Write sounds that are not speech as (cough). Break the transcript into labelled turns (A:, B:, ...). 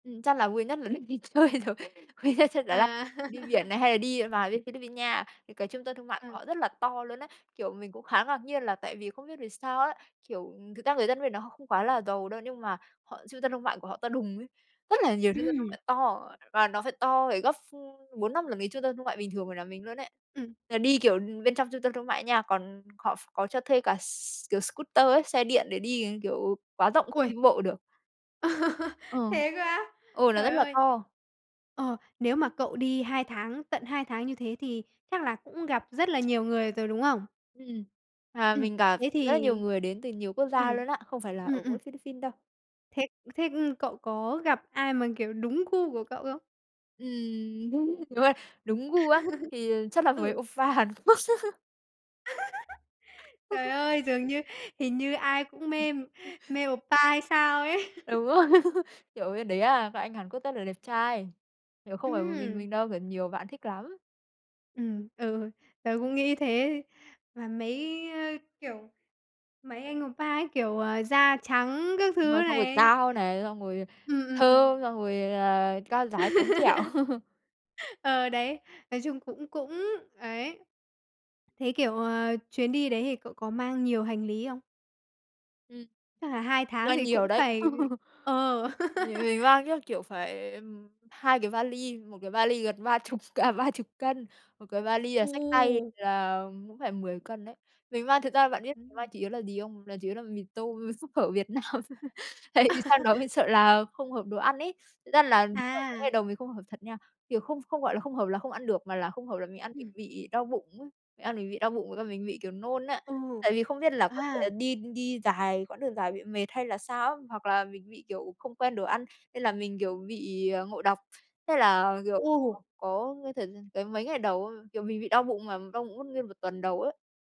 A: Ừm, chắc là vui nhất là lúc đi chơi rồi, vui nhất chắc đó là
B: À.
A: đi biển
B: (laughs)
A: này, hay là đi vào bên Philippines nha. Thì cái trung tâm thương mại
B: Ờ.
A: của họ rất là to luôn ấy. Kiểu, mình cũng khá ngạc nhiên là tại vì không biết vì sao á, kiểu, ừm, thực ra người dân bên đó họ không quá là giàu đâu, nhưng mà họ trung tâm thương mại của họ to đùng ấy, rất là nhiều trung tâm thương
B: Ừm.
A: mại to, và nó phải to phải gấp ph 4-5 lần cái trung tâm thương mại bình thường ở nhà mình luôn ấy.
B: Ừm.
A: Là đi, kiểu, bên trong trung tâm thương mại nha, còn họ ph có cho thuê cả s kiểu scooter ấy, xe điện để đi, ờ, kiểu quá rộng không
B: Uầy!
A: đi bộ được.
B: (laughs)
A: Ờ.
B: Thế cơ á?
A: Ừ, nó rất
B: Trời
A: là
B: ơi!
A: to.
B: Ờ, nếu mà cậu đi 2 tháng, tận 2 tháng như thế thì chắc là cũng gặp rất là nhiều người rồi, đúng không?
A: Ừm. À,
B: Ừm,
A: mình gặp
B: thế
A: rất là
B: thì
A: nhiều người đến từ nhiều quốc gia
B: ừm,
A: luôn á, không phải là ở
B: ừm, ừm.
A: mỗi Philippines đâu.
B: Thế thế, ừm, cậu có gặp ai mà, kiểu, đúng gu của cậu không?
A: Ừm, đúng rồi, đúng gu á,
B: (laughs)
A: thì chắc là mấy
B: Ừ.
A: oppa Hàn Quốc. (laughs)
B: (laughs) Trời
A: (chuckles)
B: ơi! Dường như hình như ai cũng mê mê oppa hay sao ấy.
A: Đúng
B: (chuckles)
A: rồi, (laughs) kiểu, bên đấy á, các anh Hàn Quốc rất là đẹp trai, kiểu, không phải một mình mình
B: Ừm.
A: đâu mà nhiều bạn thích lắm.
B: Ừm, ừ, tớ cũng nghĩ thế, mà mấy, ơ, kiểu, mấy anh oppa ấy, kiểu, à, da trắng các thứ
A: Ờ, xong rồi
B: này.
A: cao này, xong rồi
B: Ừm, ừm, ừm.
A: thơm, xong rồi là cao ráo, trắng trẻo.
B: (laughs)
A: (laughs)
B: Ờ, đấy, nói chung cũng cũng, ấy. Thế, kiểu, ờ, chuyến đi đấy thì cậu có mang nhiều hành lý không?
A: Ừm,
B: Chắc là 2 tháng
A: mang
B: thì
A: nhiều
B: cũng
A: đấy.
B: phải
A: (laughs)
B: ờ.
A: Thì
B: (laughs)
A: mình mang chắc, kiểu, phải, ừm, 2 cái vali, 1 cái vali gần ba chục à, 30 cân, 1 cái vali là xách tay
B: Ồ!
A: là cũng phải 10 cân đấy. Mình mang thực ra bạn biết mình mang
B: Ừm.
A: chủ yếu là gì không? Là chủ yếu là mì tôm, súp, phở Việt Nam, (laughs) tại vì sang đó mình
B: (laughs)
A: sợ là không hợp đồ ăn ấy. Thật ra là (unintelligible)
B: À.
A: ngày đầu mình không hợp thật nha, kiểu, không không gọi là không hợp là không ăn được, mà là không hợp là mình ăn mình
B: Ừm.
A: bị đau bụng ấy, mình ăn mình bị đau bụng với cả mình bị, kiểu, nôn á.
B: Ừ.
A: Tại vì không biết là có thể là
B: À!
A: đi đi dài quãng đường dài bị mệt hay là sao á, hoặc là mình bị, kiểu, không quen đồ ăn, nên là mình, kiểu, bị, à, ngộ độc, thế là, kiểu,
B: Ồ!
A: (unintelligible) có cơ thể tới mấy ngày đầu á, kiểu, mình bị đau bụng mà đau bụng mất nguyên 1 tuần đầu ấy.